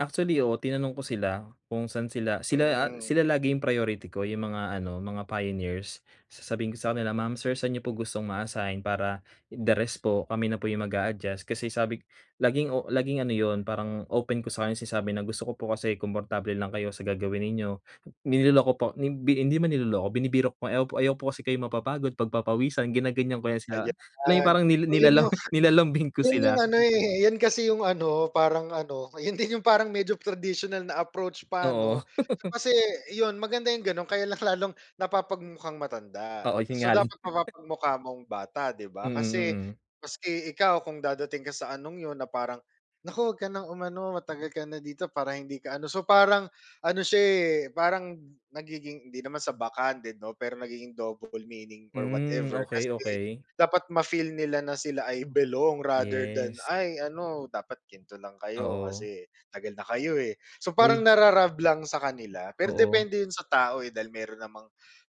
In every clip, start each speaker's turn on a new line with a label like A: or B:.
A: Actually, oo. Tinanong ko sila, kung saan sila, sila a
B: Hmm.
A: sila lagi 'yong priority ko 'yong mga ano, mga pioneers. Sasabihin ko sa kanila, "Ma'am, sir, sa'n n'yo po gustong ma-assign? Para, the rest po kami na po 'yong mag-a-adjust." kasi sabi laging o laging ano 'yon, parang open ko sa kanya sinasabi na gusto ko po kasi komportable lang kayo sa gagawin ninyo. Niloloko po ni bi hindi 'man niloloko binibiro ko, "Ayaw ayaw ko po kasi kayong mapapagod, pagpapawisan," ginaganyan ko 'yan sila. 'Yon lang 'yong
B: Ayan.
A: parang ni
B: So, 'yon
A: nilala
B: 'yong
A: nilalambing ko
B: 'yon 'yong
A: sila.
B: ano, eh, 'yan kasi 'yong ano, parang ano, 'yon din 'yong parang medyo traditional na approach pa, 'no?
A: Oo.
B: So, kasi, iyon maganda 'yong gano'n, kaya lang lalong napapag-mukhang matanda.
A: Oo, 'yon
B: So,
A: nga rin.
B: dapat mapapag-mukha mong bata, 'di ba?
A: Mm,
B: Kasi,
A: mm.
B: maski ikaw kung dadating ka sa anong 'yon na parang "Naku, wag ka ng umano, matagal ka na dito para hindi ka ano," so, parang ano s'ya, eh, parang nagiging hindi naman sa backhanded 'no, pero nagiging double meaning or
A: Hmm.
B: whatever.
A: Okey,
B: Kasi,
A: okey.
B: dapat ma-feel nila na sila ay belong rather than,
A: Yes.
B: ay "Ano, dapat ganito lang kayo
A: Oo.
B: kasi tagal na kayo eh." So, parang
A: Uy.
B: naru-rub lang sa kanila pero
A: Oo.
B: depende 'yon sa tao, eh, dahil meron namang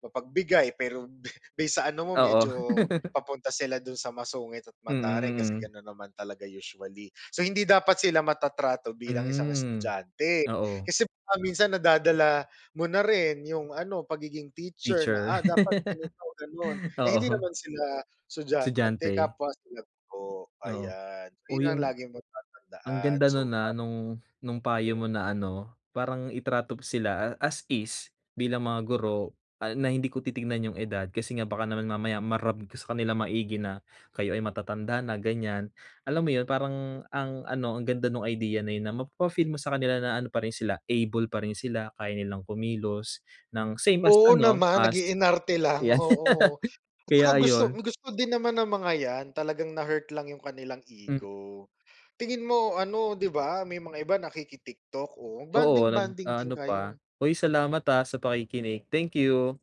B: mapagbigay pero be base sa ano mo
A: Oo.
B: medyo, papunta sila do'n sa masungit at
A: Mm,
B: mataray, kasi
A: mm.
B: gano'n naman talaga, usually. So, hindi dapat sila matatrato bilang isang
A: Hmm.
B: estudyante,
A: Oo.
B: kasi baka minsan nadadala mo na rin 'yong ano pagiging teacher na,
A: Teacher.
B: "Ah, dapat ganito, ganon," eh, hindi
A: Oo.
B: naman sila estudyante,
A: Estudyante.
B: kapwa sila guro,
A: Oo.
B: ayan. 'Yon
A: Uy,
B: ang
A: ang
B: lagi mong
A: ang
B: tatandaan,
A: ganda no'n,
B: so
A: ah,
B: parang
A: no'ng no'ng payo mo
B: hmm.
A: na ano, parang itrato mo sila as is, bilang mga guro. Ah, na hindi ko titingnan 'yong edad kasi nga baka naman mamaya ma-rub ko sa kanilang maigi na kayo ay matatanda na, ganyan. Alam mo 'yon, parang ang ano ang ganda no'ng idea na 'yon na mapapa-feel mo sa kanila na ano pa rin sila able pa rin sila, kaya nilang kumilos ng same as
B: Oo
A: ano
B: naman,
A: as
B: nag-iinarte lang,
A: 'yan.
B: oo. At tsaka
A: Kaya,
B: gusto
A: ayun.
B: gusto din naman ng mga yan talagang na-hurt lang 'yong kanilang
A: Mm.
B: ego. Tingin mo ano, 'di ba, may mga iba nakiki TikTok, o
A: Oo,
B: bonding-bonding din
A: nag-a-ano
B: kayo.
A: pa. Hoy, salamat, ah, sa pakikinig. Thank you.